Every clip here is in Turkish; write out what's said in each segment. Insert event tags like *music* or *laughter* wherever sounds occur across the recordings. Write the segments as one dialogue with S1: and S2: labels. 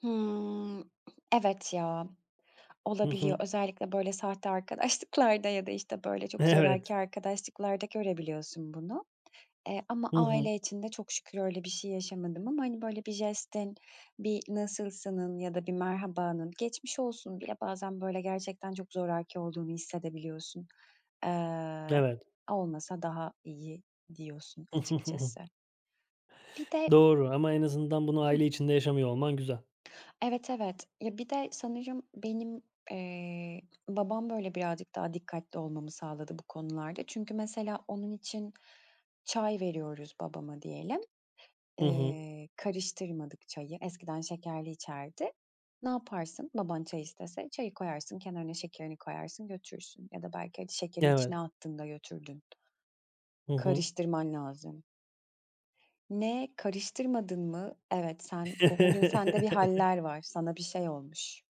S1: Hımm. Evet ya.
S2: Hı
S1: Olabiliyor.
S2: hı.
S1: Özellikle böyle sahte arkadaşlıklarda ya da, işte, böyle çok
S2: Evet.
S1: zoraki arkadaşlıklarda görebiliyorsun bunu. Eee, ama
S2: Hı hı.
S1: aile için de çok şükür öyle bir şey yaşamadım ama, hani, böyle bir jestin, bir nasılsının ya da bir merhabanın, geçmiş olsunun bile bazen böyle gerçekten çok zoraki olduğunu hissedebiliyorsun. Iıı,
S2: Evet.
S1: "Olmasa daha iyi," diyorsun
S2: *chuckles*
S1: açıkçası. Bir de
S2: Doğru ama en azından bunu
S1: Hıh.
S2: aile içinde yaşamıyor olman güzel.
S1: Evet, evet, ya bir de sanırım benim, eee, babam böyle birazcık daha dikkatli olmamı sağladı bu konularda. Çünkü, mesela, onun için çay veriyoruz babama diyelim.
S2: Hı hı.
S1: Eee, karıştırmadık çayı, eskiden şekerli içerdi. Ne yaparsın baban çay istese? Çayı koyarsın, kenarına şekerini koyarsın, götürürsün ya da belki hadi şekeri içine
S2: Evet.
S1: attın da götürdün.
S2: Hı hı.
S1: Karıştırman lazım. "Ne, karıştırmadın mı? Evet, sen bu bugün sende bir
S2: *chuckles*
S1: hâller var, sana bir şey olmuş.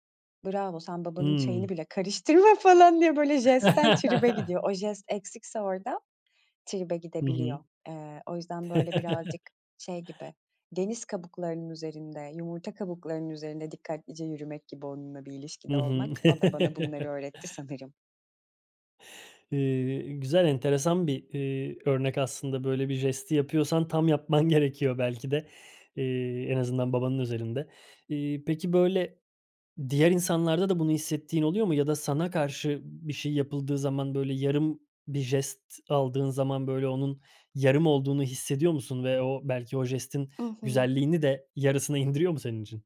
S1: Bravo, sen babanın çayını
S2: Hımm.
S1: bile karıştırma," falan diye böyle jestten tribe
S2: *chuckles*
S1: gidiyor. O jest eksikse orada, tribe
S2: Hı hı.
S1: gidebiliyor. Eee, o yüzden böyle
S2: *chuckles*
S1: birazcık şey gibi, deniz kabuklarının üzerinde, yumurta kabuklarının üzerinde dikkatlice yürümek gibi onunla bir
S2: Hı
S1: ilişkide
S2: hı.
S1: olmak. O da bana bunları
S2: *chuckles*
S1: öğretti sanırım.
S2: Iıı, güzel, enteresan bir, eee, örnek aslında. Böyle bir jesti yapıyorsan tam yapman gerekiyor belki de, eee, en azından babanın özelinde. Eee, peki, böyle diğer insanlarda da bunu hissettiğin oluyor mu ya da sana karşı bir şey yapıldığı zaman, böyle yarım bir jest aldığın zaman böyle onun yarım olduğunu hissediyor musun ve o belki o jestin
S1: I hı.
S2: güzelliğini de yarısına indiriyor mu senin için?